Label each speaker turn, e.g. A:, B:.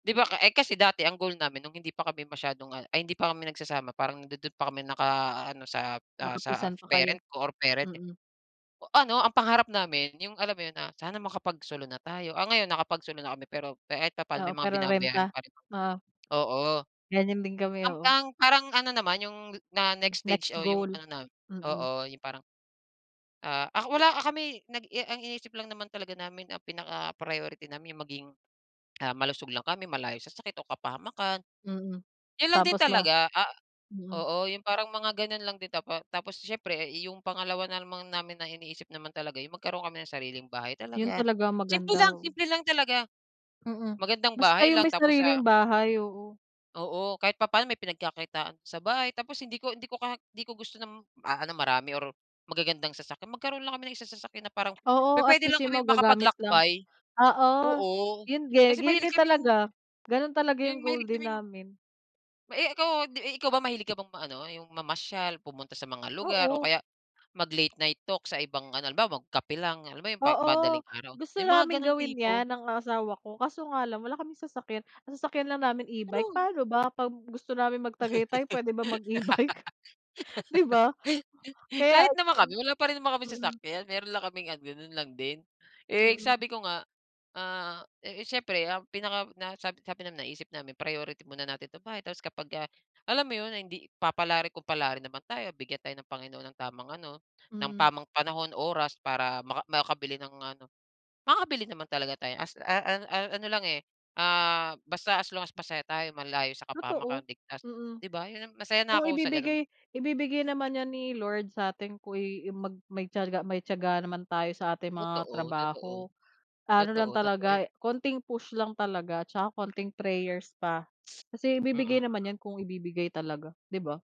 A: Di ba, eh, kasi dati ang goal namin nung hindi pa kami masyadong ano ay hindi pa kami nagsasama parang nandodo'n pa kami na ano, sa, ah, sa
B: Nakapisan pa kayo.
A: parent ko or parent niya.
B: Mm.
A: Ano, ang pangarap namin yung alam mo yun na, "Sana makapagsolo na tayo." Ah, ngayon nakapagsolo na kami, pero kahit papa'no
B: Oo,
A: may mga
B: pero
A: binabayaran
B: renta?
A: pa rin.
B: Oo.
A: Oo.
B: Ganyan din kami,
A: Ang
B: oo.
A: ang parang ano naman, yung na next stage
B: Next
A: o yung
B: goal.
A: ano namin
B: Mm.
A: oo, yung parang, ah, ak wala kami nag ang iniisip lang naman talaga namin, ang pinaka priority namin yung maging, ah, malusog lang kami, malayo sa sakit o kapahamakan.
B: Mm.
A: Yun lang din
B: Tapos mo.
A: talaga, ah
B: Mm.
A: oo, yung parang mga ganun lang din tapa tapos siyempre yung pangalawa naman namin na iniisip naman talaga yung magkaroon kami ng sariling bahay
B: Yun
A: talaga.
B: talaga
A: Simple
B: maganda.
A: lang, simple lang talaga.
B: Mm.
A: Magandang
B: Basta
A: bahay
B: yung
A: lang
B: may
A: tapos,
B: sariling
A: ah
B: bahay, oo.
A: Oo. Kahit papa'no may pinagkakitaan sa bahay tapos hindi ko hindi ko hindi ko gusto ng ano marami or magagandang sasakyan. Magkaroon lang kami ng isang sasakyan na parang pu
B: Oo,
A: puwede
B: atleast
A: lang
B: yun
A: kaming
B: magagamit lang.
A: makapaglakbay.
B: Oo.
A: Oo.
B: Yun din.
A: Kasi
B: Yun
A: mahilig
B: din
A: kaming
B: talaga. Ganun talaga yung
A: yung
B: goal
A: mahilig
B: din
A: kaming
B: namin.
A: Eh, ikaw 'di ikaw ba mahilig ka bang ma ano, yung mamasyal, pumunta sa mga lugar o
B: Oo.
A: kaya mag-late night talk sa ibang ano, halimbawa, magkape lang. Halimbawa, pa yung
B: Oo.
A: madaling araw.
B: Gusto
A: Yung mga
B: naming
A: ganung
B: gawin 'yan
A: tipo.
B: ng asawa ko kaso nga lang wala kaming sasakyan. Ang sasakyan lang namin e-bike.
A: True.
B: Paano ba 'pag gusto namin mag-Tagaytay puwede ba mag e-bike? Di ba? Kaya
A: Kahit naman
B: yun
A: kami wala pa rin naman kaming
B: mm.
A: sasakyan. Meron lang kaming ganun lang din. Eh,
B: Mm.
A: sabi ko nga, ah, eh, siyempre ang pinaka na sabi sabi namin, naisip namin priority muna natin itong bahay tapos kapagka alam mo yun, hindi papalarin kung palarin naman tayo, bigyan tayo ng Panginoon ng tamang ano, ng
B: Mm.
A: tamang panahon, oras para maka makabili ng ano. makakabili naman talaga tayo as, a a a ano lang, eh, ah, basta as long as masaya tayo, malayo sa kapahamakan,
B: Totoo.
A: ligtas,
B: Mm.
A: di ba? Yun masaya na
B: Kung
A: ako sa ganun.
B: ibibigay ibibigay naman 'yan ni Lord satin ko'y may tiyaga may tiyaga naman tayo sa ating mga
A: Totoo, totoo.
B: trabaho. Ano lang
A: Totoo, totoo yu
B: talaga, konting push lang talaga tsaka konting prayers pa kasi
A: Mm,
B: ibibigay naman
A: mm.
B: 'yan kung ibibigay talaga, 'di ba?